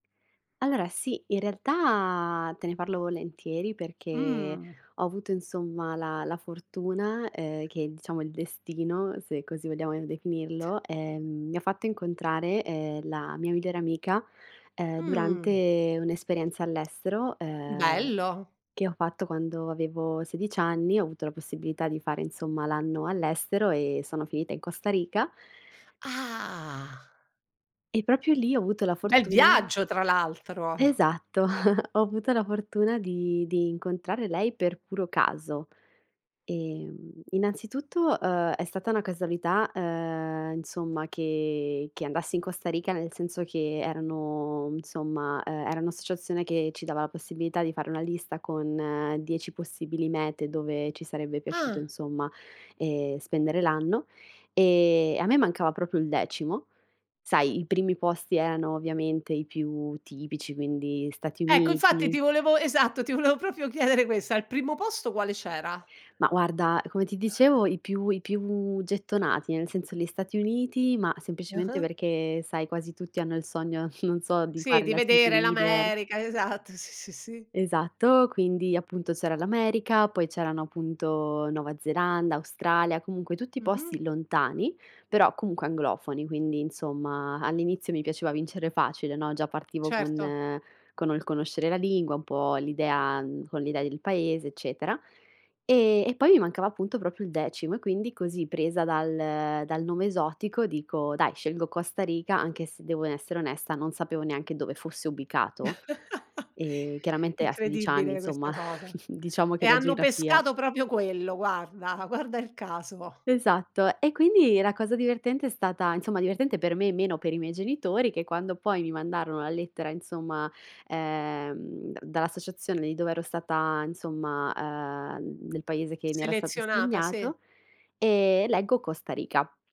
Allora, sì. In realtà te ne parlo volentieri perché Mh. ho avuto insomma la la fortuna, ehm, che diciamo il destino, se così vogliamo definirlo, ehm, mi fatto incontrare, ehm, la mia migliore amica, ehm, Mh. durante un'esperienza all'estero, ehm, Bello. che ho fatto quando avevo 16 anni, ho avuto la possibilità di fare insomma l'anno all'estero e sono finita in Costa Rica Ah. e proprio lì ho avuto la Bel fortuna viaggio tra l'altro. Esatto. Ho avuto la fortuna di di incontrare lei per puro caso. Ehm, innanzitutto, uhm, è stata una casualità, ehm, insomma che che andassi in Costa Rica, nel senso che erano, insomma, uhm, era un'associazione che ci dava la possibilità di fare una lista con 10 possibili mete dove ci sarebbe piaciuto Ah. insomma, ehm, spendere l'anno. E a me mancava proprio il decimo. Sai, i primi posti erano ovviamente i più tipici, quindi Stati Ecco, infatti Uniti ti volevo esatto, ti volevo proprio chiedere questa. Al primo posto quale c'era? Ma guarda, come ti dicevo, i più i più gettonati, nel senso li Stati Uniti, ma semplicemente Ah-ah. perché, sai, quasi tutti hanno il sogno, non so, di Sì, fare di la vedere cheerleader. l'America. Esatto. Sì, sì, sì. Esatto. Quindi, appunto c'era l'America, poi c'erano appunto Nuova Zelanda, Australia, comunque tutti posti Mh-mh. lontani, però comunque anglofoni. Quindi insomma, all'inizio mi piaceva vincere facile, no? Già partivo Certo. con con ol conoscere la lingua, un po' l'idea con l'idea del paese, eccetera. E e poi mi mancava appunto proprio il decimo e quindi così presa dal dal nome esotico dico: "Dai, scelgo Costa Riga". anche se devo n essere onesta, non sapevo neanche dove fosse ubicato, e chiaramente a 16 anni, Incredibile insomma, questa cosa. diciamo che E la hanno geografia pescato proprio quello, guarda, guarda il caso. Esatto. E quindi la cosa divertente è stata insomma divertente per me, meno per i miei genitori, che quando poi mi mandarono la lettera insomma, ehm, da dall'associazione di dove ero stata insomma, ehm, del paese che mi era stato Selezionata, sì. assegnato, ehm, leggo Costa Rica.